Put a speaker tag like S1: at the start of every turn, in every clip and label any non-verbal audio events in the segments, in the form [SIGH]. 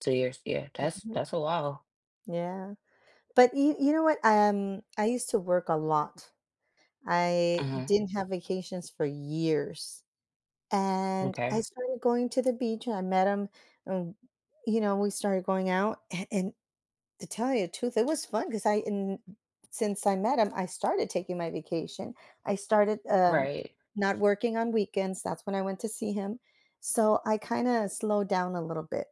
S1: 2 years, yeah, that's
S2: [UNINTELLIGIBLE]
S1: that's a while.
S2: Yeah, but you you know what, um, I used to work a lot. I
S1: Mhm
S2: didn't have vacations for years, and I
S1: Okay.
S2: started going to the beach and I met him, and, you know, we started going out a and to tell you the truth, it was fun cause I n since I met him, I started taking my vacation. I started, um,
S1: Right.
S2: not working on weekends, that's when I went to see him, so I kinda slowed down a little bit.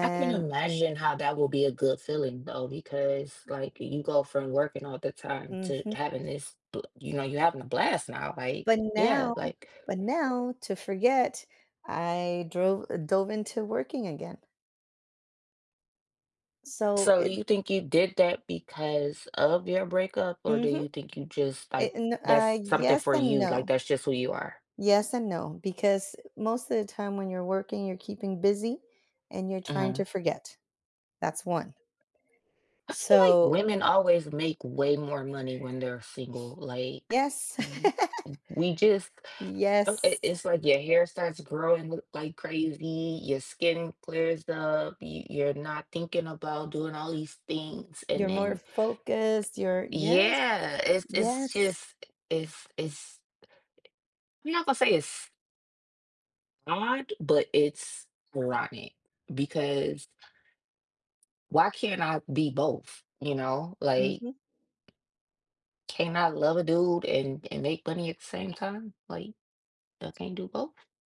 S1: I can imagine how that would be a good feeling though, because, like, you go from working all the time to
S2: Mhm.
S1: having this, bl you know, you're having a blast now, like,
S2: But
S1: yeah,
S2: now
S1: like
S2: but now to forget, I drove dove into working again. So
S1: So do
S2: it
S1: you think you did that because of your breakup or do
S2: Mhm.
S1: you think you just like,
S2: It n uh,
S1: that's something
S2: yes
S1: for
S2: and
S1: you, like
S2: no.
S1: that's just who you are?
S2: Yes and no, because most of the time when you're working, you're keeping busy, and you're trying to
S1: Mhm.
S2: forget, that's one.
S1: I feel like
S2: So
S1: women always make way more money when they're single, like,
S2: Yes.
S1: w
S2: [LAUGHS]
S1: we just it
S2: Yes.
S1: it's like your hair starts growing l like crazy, your skin clears up, you you're not thinking about doing all these things, and
S2: You're more
S1: then
S2: focused, you're yes,
S1: Yeah, it's it's
S2: yes.
S1: just it's it's I I'm not gonna say it's Odd, but it's rotten because Why can't I be both, you know, like
S2: Mhm.
S1: Can't I love a dude and and make money at the same time, like, I can't do both?